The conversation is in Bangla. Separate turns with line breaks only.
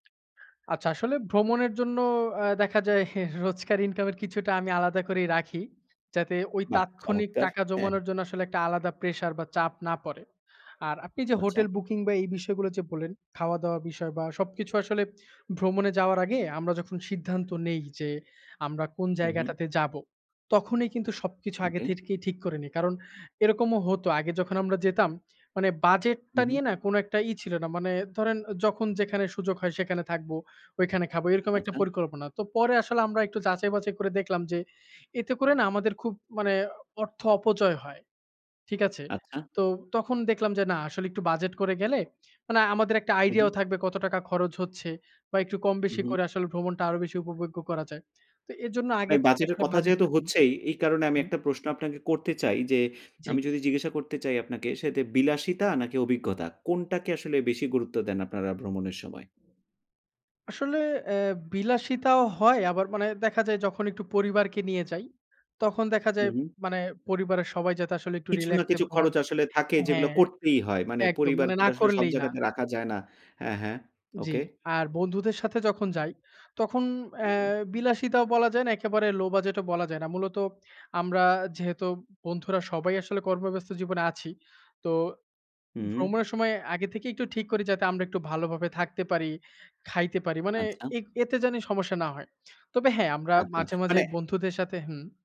আচ্ছা আসলে ভ্রমণের জন্য অ্যা দেখা যায় রোজকার ইনকামের কিছুটা আমি আলাদা করেই রাখি যাতে ওই
বাহ!
তাৎক্ষণিক
চমৎকার।
টাকা
হ্যাঁ, হ্যাঁ।
জমানোর জন্য আসলে একটা আলাদা প্রেশার বা চাপ না পড়ে। আর আপনি যে
আচ্ছা।
হোটেল বুকিং বা এই বিষয়গুলো যে বললেন, খাওয়া দাওয়া বিষয় বা সবকিছু আসলে ভ্রমণে যাওয়ার আগে আমরা যখন সিদ্ধান্ত নেই, যে আমরা কোন
হু, হু।
জায়গাটাতে যাবো। তখনই কিন্তু সবকিছু আগে
ওকে।
থেকেই ঠিক করিনি। কারণ এরকমও হত। আগে যখন আমরা যেতাম মানে,
উ
বাজেটটা
হু।
নিয়ে না কোন একটা ই ছিল না। মানে ধরেন যখন যেখানে সুযোগ হয় সেখানে থাকবো, ঐখানে খাবো। এরকম একটা
আচ্ছা।
পরিকল্পনা। তো পরে আসলে আমরা একটু যাচাই বাচাই করে দেখলাম যে এতে করে না আমাদের খুব মানে, অর্থ অপচয় হয়। ঠিক আছে?
আচ্ছা।
তো তখন দেখলাম যে না আসলে একটু বাজেট করে গেলে মানে, আমাদের একটা আইডিয়াও
উহুম।
থাকবে কত টাকা খরচ হচ্ছে বা একটু কম
হু,
বেশি
হু।
করে আসলে ভ্রমণটা আরও বেশি উপভোগ্য করা যায়। তো এজন্য আগে
ভাই
থেকে
বাজেটের
আসলে
কথা যেহেতু
বাজেটটা করি।
হচ্ছেই, এই কারনে আমি
হুম।
একটা প্রশ্ন আপনাকে করতে চাই যে,
জি।
আমি যদি জিজ্ঞাসা করতে চাই আপনাকে সেটা বিলাসিতা নাকি অভিজ্ঞতা কোনটাকে আসলে বেশি গুরুত্ব দেন আপনারা ভ্রমণের সময়?
আসলে অ্যা বিলাসিতাও হয় আবার মানে দেখা যায় যখন একটু পরিবারকে নিয়ে যাই, তখন দেখা
হু,
যায়
হু।
মানে পরিবারের সবাই যাতে আসলে একটু
কিছু না
রিল্যাক্সে
কিছু খরচ
ভ্রমণটা
আসলে থাকে যেগুলো
হ্যাঁ
করতেই হয়। মানে
একদম মানে
পরিবারকে
না
তো আসলে সব
করলেই না।
জায়গাতে রাখা যায় না। হ্যাঁ, হ্যাঁ।
জি।
ওকে।
আর বন্ধুদের সাথে যখন যাই, তখন অ্যা
হুম।
বিলাসিতাও বলা যায় না। একেবারে লো বাজেট ও বলা যায় না। মূলত আমরা যেহেতু বন্ধুরা সবাই আসলে কর্মব্যস্ত জীবনে আছি। তো
হুম।
ভ্রমণের সময় আগে থেকেই একটু ঠিক করি যাতে আমরা একটু ভালোভাবে থাকতে পারি, খাইতে পারি। মানে
আচ্ছা।
এত এতে জানি সমস্যা না হয়। তবে হ্যাঁ আমরা
আচ্ছা।
মাঝে, মাঝে
মানে
বন্ধুদের সাথে হুম